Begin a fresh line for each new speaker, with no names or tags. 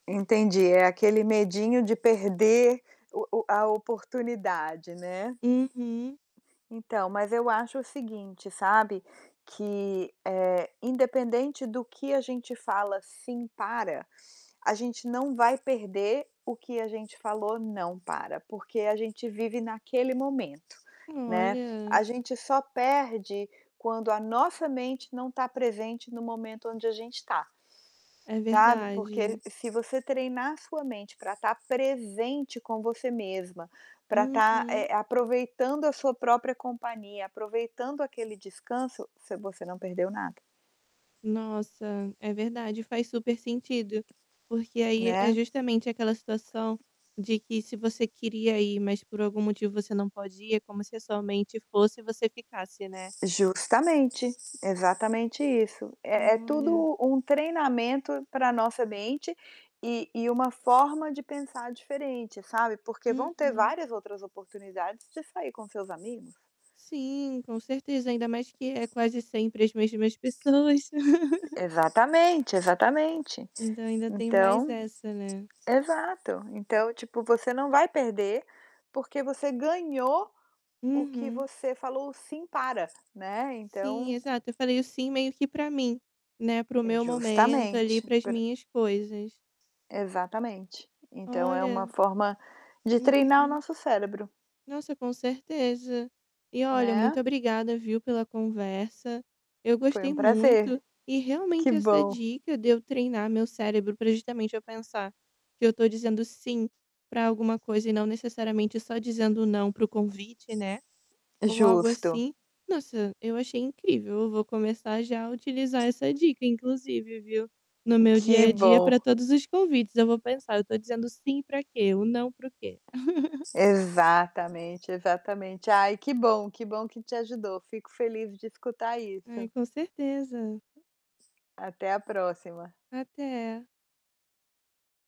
Entendi, é aquele medinho de perder o o a oportunidade, né.
Uhum.
Então, mas eu acho o seguinte, sabe, que, eh, independente do que a gente fala "Sim, para", a gente não vai perder o que a gente falou "Não, para", porque a gente vive naquele momento, né.
Olha.
A gente só perde quando a nossa mente não está presente no momento onde a gente está,
É
sabe. Porque
verdade.
se você treinar a sua mente para estar presente com você mesma, para estar,
Uhum.
eh, aproveitando a sua própria companhia, aproveitando aquele descanso, você você não perdeu nada.
Nossa. É verdade, faz super sentido, porque aí é
Né.
justamente aquela situação de que se você queria ir, mas por algum motivo você não pode ir, é como se a sua mente fosse e você ficasse, né.
Justamente, exatamente isso, é é
Olha.
tudo um treinamento para nossa mente, e e uma forma de pensar diferente, sabe, porque vão ter
Uhum.
várias outras oportunidades de sair com seus amigos.
Sim, com certeza, ainda mais que é quase sempre as mesmas pessoas.
Exatamente, exatamente.
Então ainda tem mais
Então
essa, né.
exato, então tipo você não vai perder, porque você ganhou o que
Uhum.
você falou "Sim, para", né.
Sim,
Então
exato. Eu falei o "sim" meio que para mim, né, para o
É
meu momento ali,
justamente,
para as
pe
minhas coisas.
Exatamente. Então é uma
Olha.
forma de treinar o
Uhum.
nosso cérebro.
Nossa, com certeza. E, olha, muito
Né?
obrigada, viu, pela conversa. Eu
Foi
gostei
um prazer,
muito, e
que
realmente essa
bom.
dica de eu treinar meu cérebro para justamente eu pensar que eu estou dizendo "sim" para alguma coisa e não necessariamente só dizendo "não" para o convite, né, ou algo
Justo.
assim, nossa, eu achei incrível. Eu vou começar já utilizar essa dica inclusive, viu, no meu dia
Que
a dia para
bom.
todos os convites. Eu vou pensar: "Eu estou dizendo "sim" para quê? O "não" para o quê?"
Exatamente, exatamente. Ai que bom que bom que te ajudou, fico feliz de escutar
Ai,
isso.
com certeza.
Até a próxima.
Até.